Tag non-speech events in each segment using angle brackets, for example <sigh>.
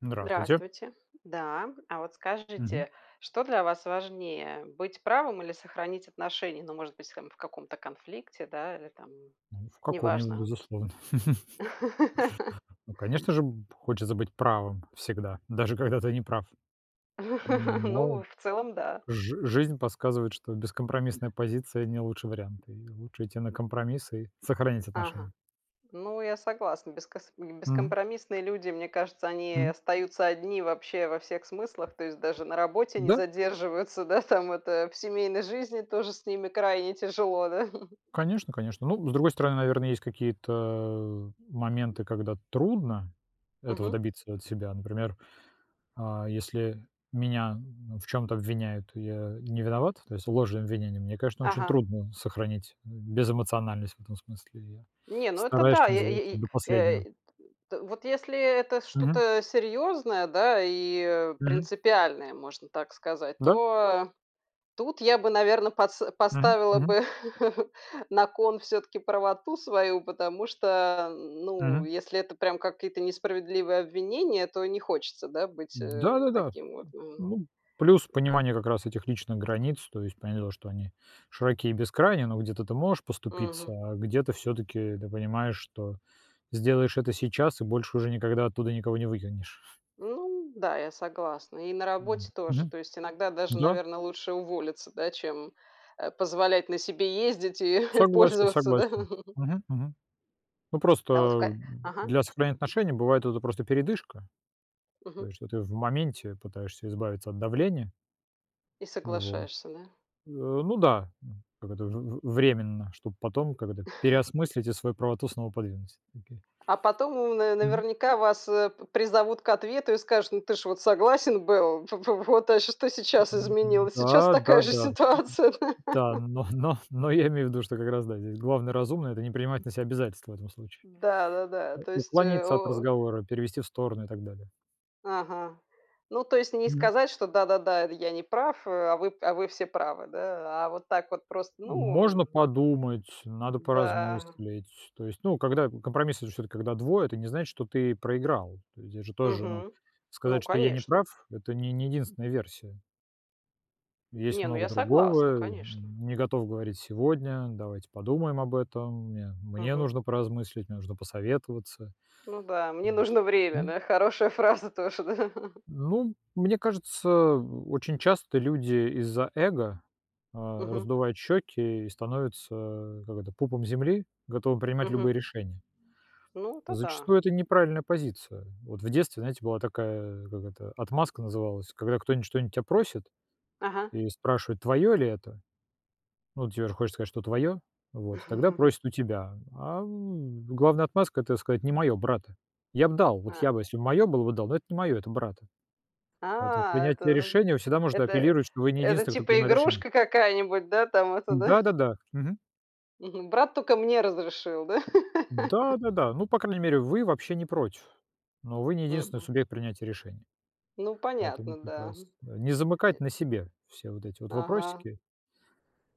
Здравствуйте. Здравствуйте. Да. А вот Мгм. скажите, что для вас важнее: быть правым или сохранить отношения? Ну, может быть, там, в каком-то конфликте, да, или там, Ну, в каком-нибудь неважно. безусловно. <laughs> <chuckles> Ну конечно же, б хочется быть правым всегда. Даже когда ты не прав. <laughs> М но Ну, в целом, да. жи жизнь подсказывает, что бескомпромиссная позиция- не лучший вариант. И лучше идти на компромисс и сохранить Ага. отношения. Ну, я согласна. Бескос м, Мгм. бескомпромиссные люди, мне кажется, они Мгм. остаются одни вообще во всех смыслах. То есть даже на работе не Да. задерживаются, да, там, это, в семейной жизни тоже с ними крайне тяжело, да? <chuckles> Конечно конечно. Ну, с другой стороны, наверно, есть какие-то моменты, когда трудно этого Мгм. добиться от себя. Например, а, если меня ну, в чём-то обвиняют, и я не виноват, то есть ложные обвинения, мне, конечно, очень Ага. трудно сохранить, э, безэмоциональность в этом смысле. Я Не, ну это стараюсь, да. что Е называется, е и, до э, последнего. т т вот если, э, это Мгм. что-то, а, серьезное, да, и, э, Мгм. принципиальное, можно так сказать, Да. то тут я бы, наверно, подс Мгм, поставила мгм. бы <chuckles> на кон всё-таки правоту свою, потому что, ну Мгм. если это прям какие-то несправедливые обвинения, то не хочется, да, быть, э, Да-да-да. Э, таким вот. Мгм. ну, плюс понимание как раз этих личных границ, то есть понятное дело, что они широки и бескрайний, но где-то ты можешь поступиться, Мгм. а где-то всё-таки ты понимаешь, что сделаешь это сейчас и больше уже никогда оттуда никого не выкинешь. <chuckles> Ну да. Я согласна. И на работе М, тоже. мгм. То есть иногда даже, Да. наверно, лучше уволиться, да, чем, э, позволять на себе ездить и и Согласен пользоваться, да? согласен. Мгм мгм. Ну, А вот в просто ка Ага. для сохранения отношений бывает это просто передышка. То Мгм. есть, что ты в моменте пытаешься избавиться от давления. И Вот. соглашаешься, да? Э, ну да. М, как это в в временно, чтоб потом, как это, <chuckles> переосмыслить и свою правоту снова подвинуть. Окей. А потом, ну, Мгм. наверняка вас, э, пр призовут к ответу и скажут: "Ну, ты ж вот согласен был? В в вот, а что сейчас М, м. изменилось? Сейчас Да да такая же да. ситуация". Да? Да, <laughs> но но но я имею в виду, что как раз да, здесь главное разумное- это не принимать на себя обязательств в этом случае. Да-да-да. Э, То есть, э, уклониться от о разговора, перевести в сторону и так далее. Ага. Ну, то есть не Мгм. сказать, что: "Да-да-да. Это я не прав, а. А вы уа вы все правы". Да? А вот так вот просто. Ну, м Можно подумать. Надо Да. поразмыслить. То есть, ну, когда, компромисс- это же всё-таки когда двое. Это не значит, что ты проиграл. То есть здесь же тоже, ну, Мгм. Ну, сказать, что я не конечно. прав- это не не единственная версия. Есть Не, ну, много я согласна, другого, н конечно. не готов говорить сегодня, давайте подумаем об этом, мне мне Мгм. нужно поразмыслить, мне нужно посоветоваться. Ну да, мне Вот. нужно время, Мгм. да? Хорошая фраза тоже, да? Ну, мне кажется, о очень часто люди из-за эго, а, Мгм. раздувают щёки и становятся, как это, пупом земли, готовы принимать Мгм. любые решения. Ну, это да. Зачастую это неправильная позиция. Вот в детстве, знаете, была такая, как это, отмазка называлась, когда кто-нибудь что-нибудь тебя просит Ага. и спрашивает: "Твоё ли это?" Ну, тебе же хочется сказать, что твоё, вот, тогда <chuckles> просят у тебя. Ам, главная отмазка- это сказать: "Не моё, брата". Я б дал, вот я А. бы, если моё было бы, дал, но это не моё, это брата. Поэтому А, это принятие н решения- всегда можно это апеллировать, что вы не это, единственный, кто типа, принимает решения. игрушка какая-нибудь, да там, это, да? Да-да-да. Мгм. Мгм, брат только мне разрешил, да? <laughs> Да-да-да, ну, по крайней мере, вы вообще не против, но вы не единственный Мгм. субъект принятия решения. Ну, Поэтому понятно, да, прекрас м. не замыкать Нет. на себе все вот эти вот Ага. вопросики,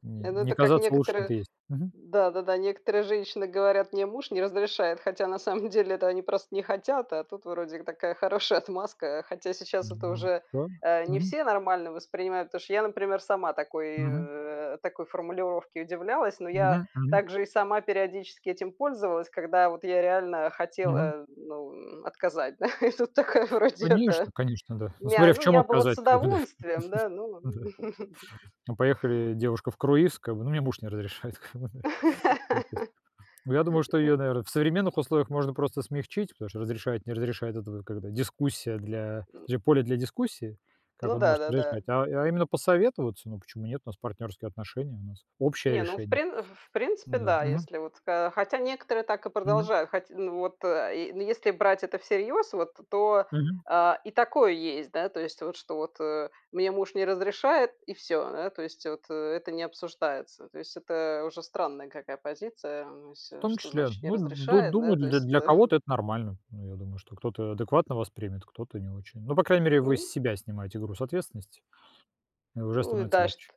не Ну, не это как казаться лучше, чем некоторые, ты есть. Мгм. да-да-да, некоторые женщины говорят: "Мне муж не разрешает". Хотя на самом деле, это они просто не хотят, а тут вроде такая хорошая отмазка, хотя сейчас это М. уже, Да. э, не Мгм. все нормально воспринимают, потому что я, например, сама такой, Мгм. э, такой формулировке удивлялась, ну я Мгм мгм. так же и сама периодически этим пользовалась, когда вот я реально Мгм. хотела, э, ну, м, отказать, да? И тут такая, вроде это. Конечно конечно, да. Ну, Мя смотря в ну, чём я бы вот отказать, с как бы да. удовольствием, да, ну. <chuckles> Да. <chuckles> Ну, поехали девушка в круиз, как бы, ну: "Мне муж не разрешает", ка му ны <laughs> в отпуск. Н Ну, я думаю, что её, наверное, в современных условиях можно просто смягчить, потому что "разрешает, не разрешает"- это когда дискуссия для М джа поле для дискуссии, как Ну он может не да-да-да. разрешать, а а именно посоветоваться. Ну, почему нет, у нас партнёрские отношения, у нас общее Не, ну в решение. прин в в принципе Н-да, да, мгм. если вот, хо хотя некоторые так и Мгм. продолжают, хоть, ну, вот э и, ну если брать это всерьёз, вот, то Мгм. а и такое есть, да, то есть, вот, что вот, э, мне муж не разрешает и всё, да, то есть вот это не обсуждается. То есть это уже странная какая позиция. Ну В если, том что числе, значит "не ну, ду разрешает"? Да, думаю, то для есть для это. кого-то это нормально. Ну, я думаю, что кто-то адекватно воспримет, кто-то не очень. Но, по крайней мере, вы с Ну. себя снимаете груз ответственности, и уже Ну и становится да, чт легче.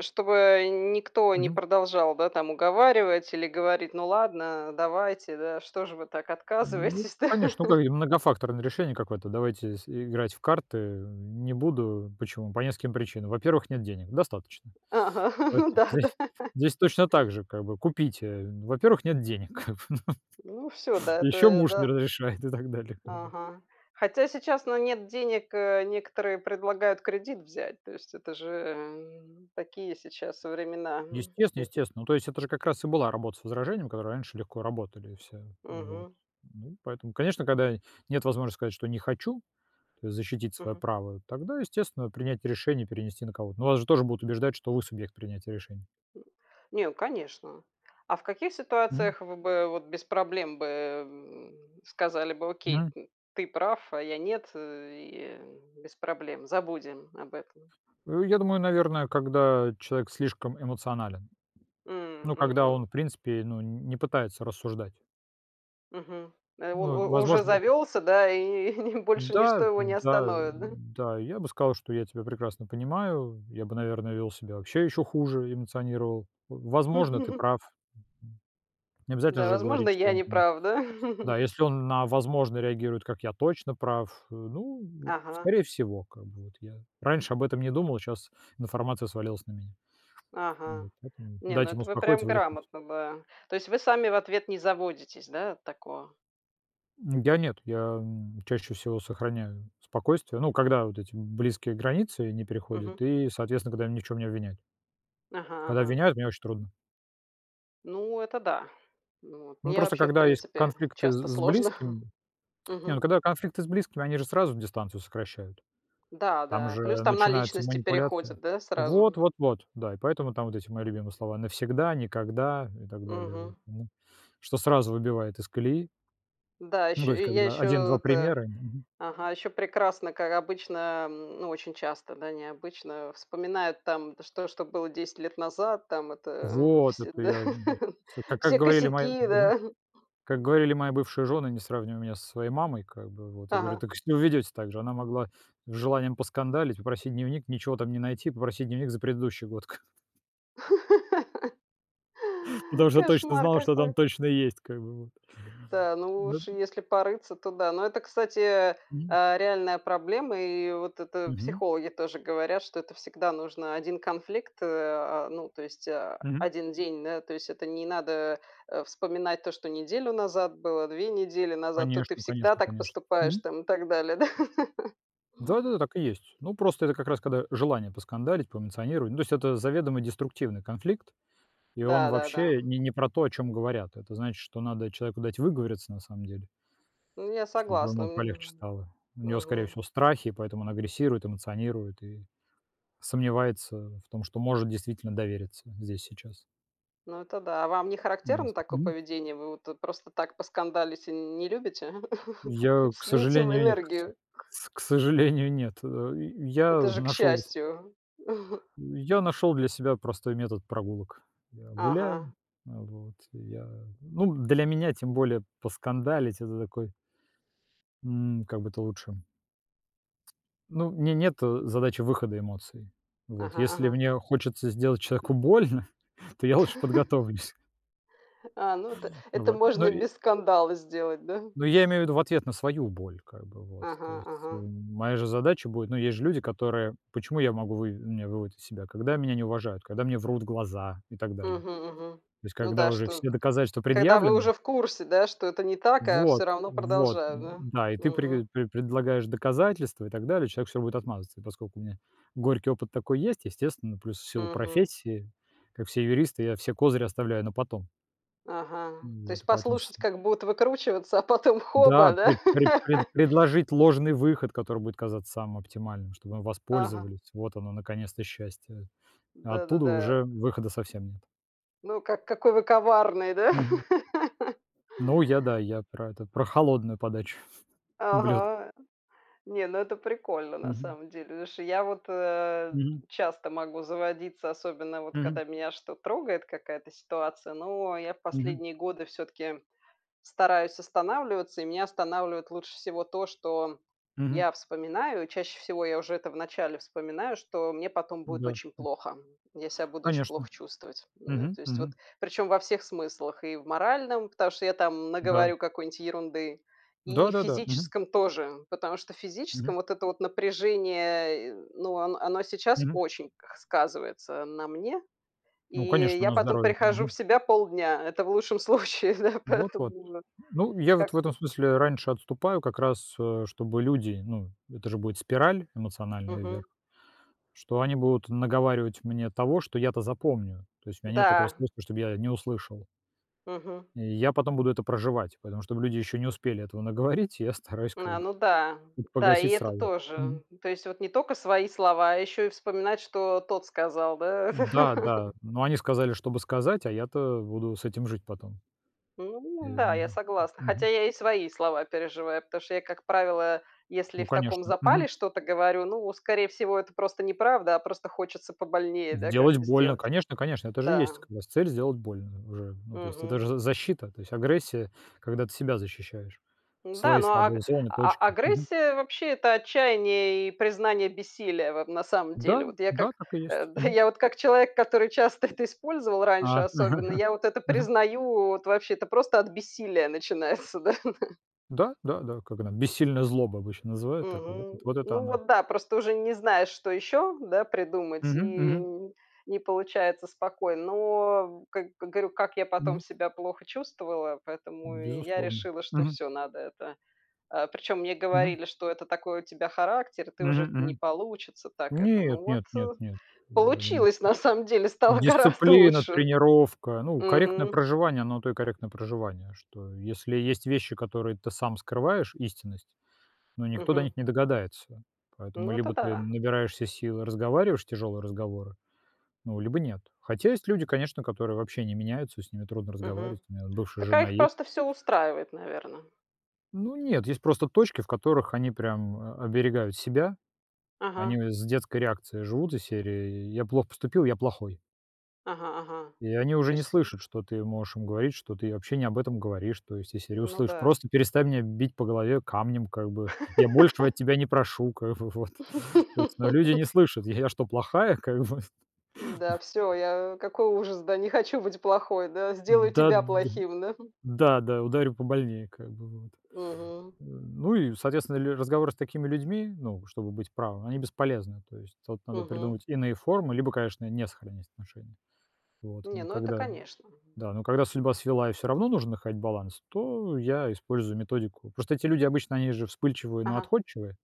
чтобы н никто не Мгм. продолжал, да, там, уговаривать или говорить: "Ну ладно, давайте, да, что же вы так Ну, отказываетесь, да?" конечно, такое <laughs> многофакторное решение какое-то, давайте с играть в карты, не буду. Почему? По нескольким причинам. Во-первых, нет денег. Достаточно. Ага. Вот Ну здесь да-да. здесь точно так же, как бы, купите. Во-первых, нет денег, как бы вот. Ну всё, да, это, Ещё ль муж не да. разрешает и так далее, да. Ага, хотя сейчас, ну, нет денег, э, некоторые предлагают кредит взять, то есть это же, м, такие сейчас времена, м, Естественно кредит естественно. Ну, то есть, это же как раз и была работа с возражением, которые раньше легко работали все, ну вот. Мгм. Ну, поэтому, конечно, когда нет возможности сказать, что не хочу, то есть защитить своё Мгм. право, тогда, естественно, принять решение и перенести на кого-то. Ну, вас же тоже будут убеждать, что вы субъект принятия решений. М. Не, ну конечно. А в каких Мгм. ситуациях вы бы, вот, без проблем бы, м, сказали бы: "Окей, Мгм. м, ты прав, а я нет", э и, м, без проблем, забудем об этом? Э, я думаю, наверно, когда человек слишком эмоционален. М, Ну, когда мгм. он, в принципе, ну, н не пытается рассуждать. Мгм. Э, он Ну и, у уже возможно завёлся, да, и и больше ничто Да, его не да, остановит, да? да. Я бы сказал, что я тебя прекрасно понимаю. Я бы, наверное, вёл себя вообще ещё хуже, эмоционировал. Возможно, ты <chuckles> прав. Необязательно Да, же возможно, говорить, что я он там неправ, да? да, <chuckles> если он на "возможно" реагирует как: "Я точно прав", э, ну, Ага. скорее всего, как бы вот я раньше об этом не думал, а щас информация свалилась на меня. Ага. Вот. Поэтому Не, ну дайте ему это вы успокоиться, прям выдохнуть. грамотно, да. То есть вы сами в ответ не заводитесь, да, от такого? Я нет, я, м, чаще всего сохраняю спокойствие, ну, когда вот эти близкие границы не переходят Мгм. и, соответственно, когда меня ни в чём не обвиняют. Ага, Когда ага. обвиняют, мне очень трудно. Ну, это да. Ну, вот Ну, мне просто, вообще, в когда есть принципе, конфликты часто с с сложно. близким. Не, ну, Мгм. когда конфликты с близкими, они же сразу дистанцию сокращают. Да, Там да, же плюс там на начинаются личности манипуляции. переходит, да, Вот сразу? вот вот, да, и поэтому там вот эти мои любимые слова: навсегда, никогда и так далее, вот, Мгм. м. Что сразу выбивает из колеи. Да, Ну, ещё, то есть, я когда один ещё два это примера, мгм ага, ещё прекрасно, как обычно, м, ну, очень часто, да, не обычно вспоминают там что что было 10 лет назад. Там это, мгм, вот, все <laughs> это да, я, мгм. С ка как все говорили мои косяки, мгм. да. Как говорили мои бывшие жены: "Не сравнивай меня со своей мамой", как бы вот. Я говорю: Ага. "Так вы себя ведёте так же". Она могла с желанием поскандалить, попросить дневник, ничего там не найти, попросить дневник за предыдущий год к <laughs> Потому что точно Кошмар знал, что там какой. точно есть как бы вот. Да, да. Да, ну Да уж если порыться, то да. Но это, кстати, Мгм. а, реальная проблема. И вот это Мгм. психологи тоже говорят, что это всегда нужно 1 конфликт, а, ну то есть, а, Мгм. 1 день, да. То есть это не надо, э, вспоминать то, что неделю назад было, 2 недели назад, то ты Конечно, всегда конечно, так конечно, поступаешь мгм. там и так далее, да. <laughs> Да-да-да, так и есть. Ну, просто это как раз когда желание поскандалить, поэмоционировать. Ну, то есть это заведомо деструктивный конфликт, и он Да, да, да, вообще м. не не про то, о чём говорят. Это значит, что надо человеку дать выговориться на самом деле Ну, я чтобы согласна, ему полегче мгм. стало. У него, скорее Мгм. всего, страхи, поэтому он агрессирует, эмоционирует и сомневается в том, что может действительно довериться здесь и сейчас. Ну, это да. А вам не характерно Ясно, такое мгм. поведение, вы вот, э, просто так поскандалить, э, не любите? <chuckles> Я, к Слить им сожалению и кс энергию. кс к сожалению, нет, э. Я, Это э, же к нашёл с счастью. я нашёл для себя простой метод прогулок. Я гуляю, Ага. а, вот. Я, ну, для меня, тем более поскандалить, это такой М, как бы это лучше ну, у меня нет, э, задачи выхода эмоций. Вот. Ага, Если ага. мне хочется сделать человеку больно, то я лучше <chuckles> подготовлюсь. А, ну, это Ну это вот. Но можно и и без скандала сделать, да? Ну, я имею в виду в ответ на свою боль, как бы, вот. То Ага, есть, э, ага. моя же задача будет ну, есть же люди, которые почему я могу вы меня выводят из себя? Когда меня не уважают, когда мне врут в глаза и так далее. Мгм, мгм. То есть Ну когда да, уже что все доказательства когда вы предъявлены уже в курсе, да, что это не так, а Вот всё равно вот, продолжаю, да? да. И ты Мгм. прег пре предлагаешь доказательства и так далее, а человек всё будет отмазываться. Поскоку у меня горький опыт такой есть, естественно, плюс в силу Мгм. профессии, как все юристы, я все козыри оставляю на потом. Ага. То Вот есть и поэтому с послушать, как будут выкручиваться, а потом Да, хоба, да? пре пре пред <laughs> предложить ложный выход, который будет казаться самым оптимальным, чтоб им Ага. воспользовались, вот оно, наконец-то счастье. А оттуда Да-да-да. уже выхода совсем нет. Ну, ка какой вы коварный, да. Мгм. <laughs> Ну, я, да, я про это, про холодную подачу блюд. Ага. Не, ну это прикольно, на Мгм. самом деле. Потому что я вот, э, Мгм. часто могу заводиться, особенно вот Мгм. когда меня что трогает, какая-то ситуация. Но я в Мгм. последние годы всё-таки стараюсь останавливаться. И меня останавливает лучше всего то, что Мгм. я вспоминаю. Чаще всего я уже это вначале вспоминаю, что мне потом Ну будет да, очень м. плохо. Я ся буду оч Конечно. плохо чувствовать. Да, Мгм, то есть вот. мгм. Причем во всех смыслах: и в моральном, потому что я там Да. наговорю какой-нибудь ерунды, и в Да-да-да, мгм. физическом тоже, потому что в Мгм. физическом вот это вот напряжение, э, ну, он оно сейчас Мгм. очень сказывается на мне, Ну, и конечно, я на потом здоровье, да, прихожу в мгм. себя полдня. Это в лучшем случае, да. Вот, вот. Поэтому, э, Ну, я вот в этом как-то смысле раньше отступаю как раз, а, чтобы люди ну, это же будет спираль эмоциональная Мгм. вверх. Что они будут наговаривать мне того, что я-то запомню. То есть у меня нет такого Да. способа, чтоб я не услышал. Мгм. И я потом буду это проживать. Поэтому, чтобы люди ещё не успели этого наговорить, я стараюсь как А, бы, ну да, м, да и погасить это сразу, мгм. тоже. То есть вот не то тока свои слова, а ещё и вспоминать, что тот сказал, да? Да, да, <laughs> но они сказали, чтобы сказать, а я-то буду с этим жить потом. И Ну у да, я меня согласна, хотя мгм. я и свои слова переживаю. Потому что я, как правило, если Ну, в таком конечно. Мгм. запале что-то говорю, ну, скорее всего, это просто неправда, а просто хочется побольнее да Сделать как-то больно, сделать и конечно конечно. Это же и да. есть как раз цель сделать больно уже. Ну, то есть это же Мгм. за защита. То есть агрессия, когда ты себя защищаешь, Да, свои ну, аг слабые зоны, а точки. Мгм. агрессия вообще- это отчаянье и признание бессилия, вот, на самом Да, деле. Вот я как да, так и есть, да, мгм. я вот как человек, который часто это использовал раньше, А, особенно, <laughs> я вот это мгм. признаю. Вот вообще это просто от бессилия начинается, да. Да, да, да, как она бессильная злоба, обычно называют так, вот Мгм. вот это Ну она. вот, да, просто уже не знаешь, что ещё, да, придумать, Мгм, и мгм. н не получается спокойно. Но, как говорю, как я потом Мгм. себя плохо чувствовала, поэтому я Безусловно. решила, что Мгм. всё, надо это, а. Причём мне Мгм. говорили, что это такой у тебя характер, и ты Мгм, уже не мгм. получится так это. Нет, Ну вот, нет, нет, э, нет. Я думаю, получилось, что на самом деле, стало гораздо дисциплина, лучше. тренировка. Ну, корректное Мгм. проживание- оно на то и корректное проживание, что, если есть вещи, которые ты сам скрываешь, истинность, но никто до Мгм. них не догадается. Поэтому Ну, это либо ты да. набираешься сил и разговариваешь тяжёлые разговоры, ну, либо нет. Хотя есть люди, конечно, которые вообще не меняются, и с ними трудно Мгм. разговаривать. У меня вот бывшая Так, а жена их есть. просто всё устраивает, наверно. Ну, нет. Есть просто точки, в которых они прям о оберегают себя. Они, Ага. э, с детской реакцией живут из серии: "Я плохо поступил, я плохой". Ага ага, И они то уже не есть, м слышат, что ты можешь им говорить, что ты вообще не об этом говоришь, то есть из серии: Ну "Услышь. да. Просто перестань меня бить по голове камнем, как бы, я большего от <laughs> тебя не прошу, как бы, вот". То есть, но люди не <laughs> слышат: "Я я что, плохая, как бы?" <chuckles> Да, всё, я какой ужас, да! Не хочу быть плохой, да, сделаю Да тебя да плохим, да. да да ударю побольнее, как бы вот. Мгм. Э, ну и, соответственно, ли разговоры с такими людьми, ну, чтобы быть правыми, они бесполезны. То есть тут надо Мгм. придумать иные формы, либо, конечно, не сохранять отношения. Вот. Не, Но ну, это, когда конечно, мгм. да, но когда судьба свела и всё равно нужно находить баланс, то я использую методику. Просто эти люди обычно, они же вспыльчивые, но Ага. отходчивые.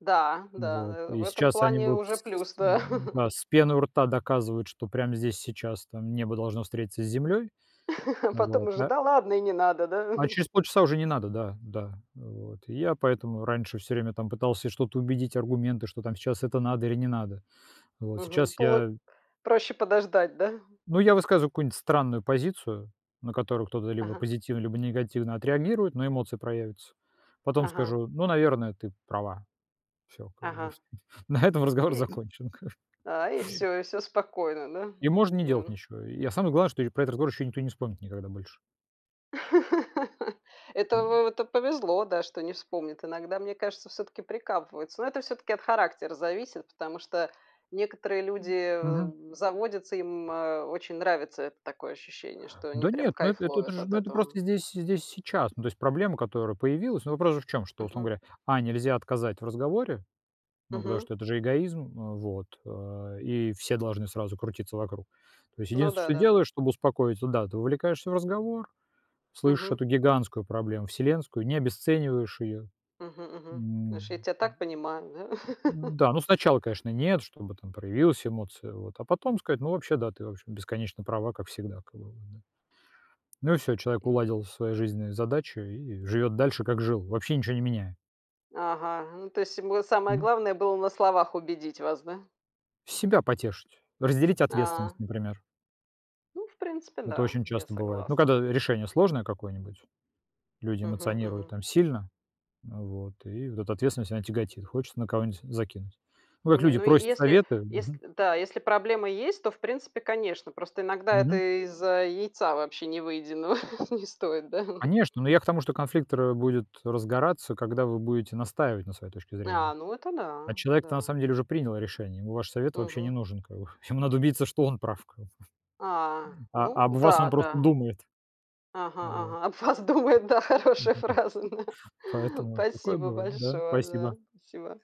Да, Ну да, вот на в и этом сейчас они плане будут уже с плюс, с да. м-да, <chuckles> с пеной у рта доказывать, что прямо здесь и сейчас там небо должно встретиться с землей, <chuckles> А потом вот, уже: а "Да ладно, и не надо, да". А <chuckles> через полчаса уже не надо, да, да, вот. И я поэтому раньше всё время там пытался что-то убедить, аргументы, что там сейчас это надо или не надо, вот. Мгм, Сейчас пол я проще подождать, да. Ну, я высказываю какую-нибудь странную позицию, на которую кто-то либо Ага. позитивно, либо негативно отреагирует, но эмоции проявятся. Потом Ага. скажу: "Ну, наверное, ты права". Всё, как бы. Ага. На этом разговор И закончен как бы. а и всё, и всё спокойно, да. И можно не делать Да. ничего. И, а, самое главное, что про этот разговор ещё никто не вспомнит никогда больше. <laughs> Это Мгм. в это повезло, да, что не вспомнит. Иногда, мне кажется, все-таки прикапываются. Но это все-таки от характера зависит, потому что некоторые М люди, а, мгм. заводятся, им, а, очень нравится, это такое ощущение, что они Да прям нет, ну эт кайф эт это ловят же, от ну, это этого. просто здесь здесь и сейчас. Ну то есть проблема, которая появилась, ну, вопрос же в чём, что, условно Мгм. говоря, А- нельзя отказать в разговоре, ну потому Мгм. что это же эгоизм, э, вот, э, и все должны сразу крутиться вокруг. То есть Ну единственное, что да-да-да. делаешь, чтобы успокоить, да, ты вовлекаешься в разговор, слышишь Мгм. эту гигантскую проблему вселенскую, не обесцениваешь ее. Мгм мгм. М, м, Слушай, я тебя так понимаю, да. <laughs> м-да, ну, сначала, конечно, нет, чтобы там проявилась эмоция, вот, а потом сказать: "Ну, вообще, да, ты вообще бесконечно права, как всегда, как бы, вот, да". Ну, всё, человек И. уладил свои жизненные задачи и живёт дальше, как жил, вообще ничё не меняя. Ага, ну, то есть ему самое Мгм. главное было на словах убедить вас, да. Себя потешить, разделить ответственность, А. например. Ну, в принципе, Это да, очень я часто бывает, ну, когда согласна. решение сложное какое-нибудь, люди Мгм эмоционируют мгм. там сильно, вот, и вот эта ответственность, она тяготит. Хочется на кого-нибудь закинуть. Ну, как Не, люди ну, е просят если советы, мгм. если да. Если проблемы есть, то, в принципе, конечно. Просто иногда Мгм. это из-за яйца вообще невыеденного <chuckles> не стоит, да. Конечно, но я к тому, что конфликт ра будет разгораться, когда вы будете настаивать на своей точке А, зрения. ну, это А да, человек-то на да. самом деле уже принял решение, ему ваш совет вообще не Мгм. нужен как бы. Ему надо убедиться, что он прав как бы. А, М, а об ну вас да, он просто да думает. Ага Вот. ага, об вас думают, да, хорошая М-да. фраза, да. Поэтому такое Спасибо бывает, да. большое, Спасибо. да. Спасибо.